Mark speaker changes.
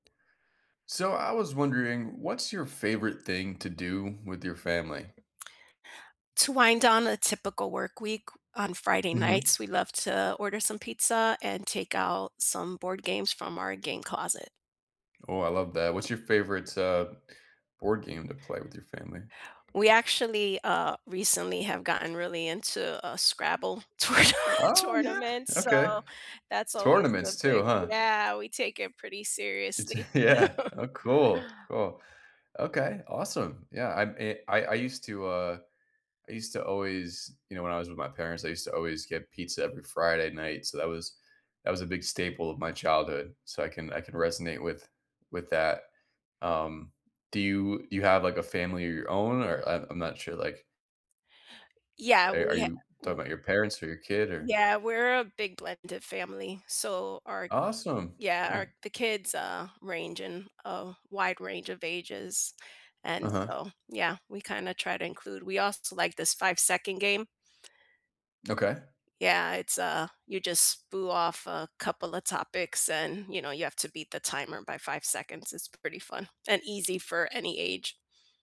Speaker 1: So I was wondering, what's your favorite thing to do with your family?
Speaker 2: To wind down a typical work week on Friday
Speaker 1: Mhm.
Speaker 2: nights, we love to order some pizza and take out some board games from our game closet.
Speaker 1: Oh, I love that. What's your favorite, uh, board game to play with your family?
Speaker 2: We actually, uh, recently have gotten really into, uh, Scrabble tourna
Speaker 1: Oh, yeah.
Speaker 2: tournament,
Speaker 1: Okay.
Speaker 2: so that's always a
Speaker 1: Tournaments too,
Speaker 2: big
Speaker 1: huh?
Speaker 2: Yeah, we take it pretty
Speaker 1: It's
Speaker 2: seriously.
Speaker 1: yeah. Oh, cool, cool. Okay, awesome, yeah, I'm i I I used to, uh I used to always you know, when I was with my parents, I used to always get pizza every Friday night, so that was that was a big staple of my childhood, so I can I can resonate with with that. Um, do you you have, like, a family of your own, or I'm I'm not sure. Like
Speaker 2: Yeah,
Speaker 1: are are
Speaker 2: we ha
Speaker 1: you talking
Speaker 2: w
Speaker 1: about your parents or your kid? Or
Speaker 2: Yeah, we're a big blended family. So our
Speaker 1: Awesome.
Speaker 2: Yeah,
Speaker 1: Eh.
Speaker 2: our the kids, uh, range in a wide range of ages. And
Speaker 1: Uh-huh.
Speaker 2: so, yeah, we kinda try to include we also like this 5 second game.
Speaker 1: Okay.
Speaker 2: Yeah, it's a you just spew off a couple of topics and, you know, you have to beat the timer by 5 seconds. It's pretty fun and easy for any age.